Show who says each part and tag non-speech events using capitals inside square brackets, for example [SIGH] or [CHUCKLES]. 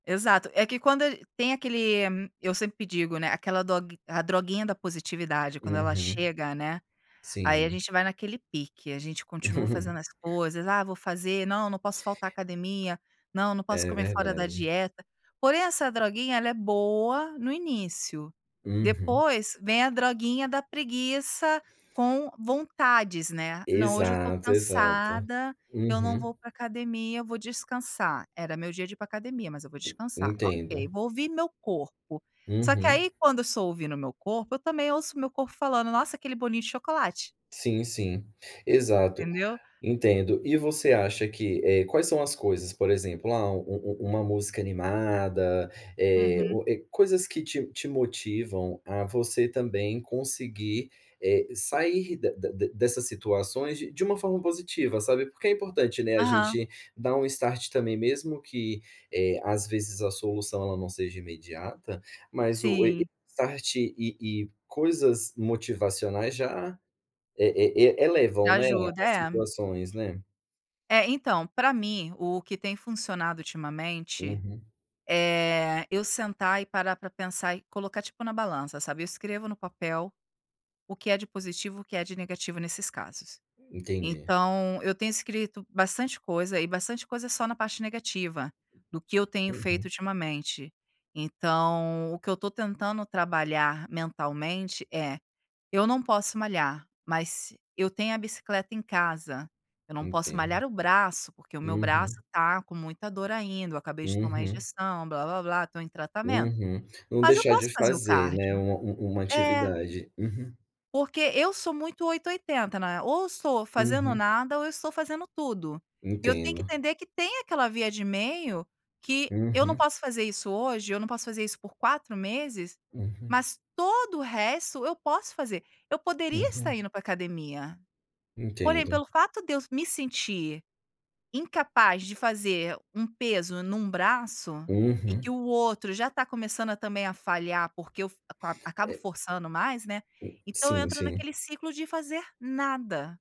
Speaker 1: Exato, é que quando a g tem aquele eu sempre digo, né, aquela dog a "droguinha da positividade". Quando ela
Speaker 2: Uhum.
Speaker 1: chega, né, aí a
Speaker 2: Sim.
Speaker 1: gente vai naquele pique, a gente continua fazendo
Speaker 2: [CHUCKLES]
Speaker 1: as coisas, “Ah, vou fazer", "Não, não posso faltar a academia", "Não, não posso
Speaker 2: É
Speaker 1: comer fora da
Speaker 2: verdade.
Speaker 1: dieta.”, porém, essa droguinha ela é boa no início.
Speaker 2: Uhum.
Speaker 1: Depois vem a droguinha da preguiça com vontades, né: “Não, hoje eu estou
Speaker 2: Exato, exato,
Speaker 1: cansada, eu não
Speaker 2: uhum.
Speaker 1: vou para a academia, eu vou descansar. Era meu dia de ir para a academia, mas eu vou descansar. Ok,
Speaker 2: Entendo.
Speaker 1: vou ouvir meu corpo.”, só que,
Speaker 2: Uhum.
Speaker 1: aí, quando eu estou ouvindo o meu corpo, eu também ouço o meu corpo falando: “Nossa, aquele bolinho de chocolate”.
Speaker 2: Sim, sim, exato,
Speaker 1: Entendeu?
Speaker 2: entendo. E você acha que, eh, quais são as coisas, por exemplo, ah, um-um uma música animada, eh,
Speaker 1: Uhum.
Speaker 2: ou, eh, coisas que te te motivam a você também conseguir, eh, sair de de dessas situações de de uma forma positiva, sabe? Porque é importante, né, a
Speaker 1: Aham.
Speaker 2: gente dar um start também, mesmo que, eh, às vezes, a solução ela não seja imediata, mas o e e
Speaker 1: Sim.
Speaker 2: start e e coisas motivacionais já e e
Speaker 1: Já
Speaker 2: elevam, né,
Speaker 1: ajuda,
Speaker 2: as
Speaker 1: é.
Speaker 2: situações, né?
Speaker 1: É, então, para mim, o que tem funcionado ultimamente
Speaker 2: Uhum.
Speaker 1: é: Eu sentar e parar para pensar e colocar, tipo, na balança, sabe. Eu escrevo no papel o que é de positivo e o que é de negativo nesses casos.
Speaker 2: Entendi.
Speaker 1: Então eu tenho escrito bastante coisa, e bastante coisa só na parte negativa do que eu tenho feito
Speaker 2: Uhum.
Speaker 1: ultimamente. Então o que eu estou tentando trabalhar mentalmente é: "Eu não posso malhar, mas eu tenho a bicicleta em casa. Eu não posso
Speaker 2: Entendo.
Speaker 1: malhar o braço, porque o meu braço
Speaker 2: Uhum.
Speaker 1: está com muita dor ainda. Eu acabei de tomar
Speaker 2: Uhum.
Speaker 1: injeção, "blá-blá-blá.", estou em tratamento.
Speaker 2: Uhum. Não
Speaker 1: Mas eu
Speaker 2: deixar de
Speaker 1: posso fazer o
Speaker 2: fazer, né,
Speaker 1: cardio."
Speaker 2: um um uma
Speaker 1: É.
Speaker 2: atividade. Uhum.
Speaker 1: Porque eu sou muito 8 ou 80, né. Ou eu estou fazendo
Speaker 2: Uhum.
Speaker 1: nada ou eu estou fazendo tudo. E eu tenho que
Speaker 2: Entendo.
Speaker 1: entender que tem aquela via de meio, que eu não
Speaker 2: Uhum.
Speaker 1: posso fazer isso hoje, eu não posso fazer isso por 4 meses,
Speaker 2: Uhum.
Speaker 1: mas todo o resto eu posso fazer. Eu poderia estar
Speaker 2: Uhum.
Speaker 1: indo para a academia. Porém,
Speaker 2: Entendo.
Speaker 1: pelo fato de eu me sentir incapaz de fazer um peso em um braço, e que
Speaker 2: Uhum.
Speaker 1: o outro já está começando também a falhar, porque eu f acabo acabo
Speaker 2: É
Speaker 1: forçando mais, né, então eu
Speaker 2: Sim,
Speaker 1: entro
Speaker 2: sim.
Speaker 1: naquele ciclo de fazer nada.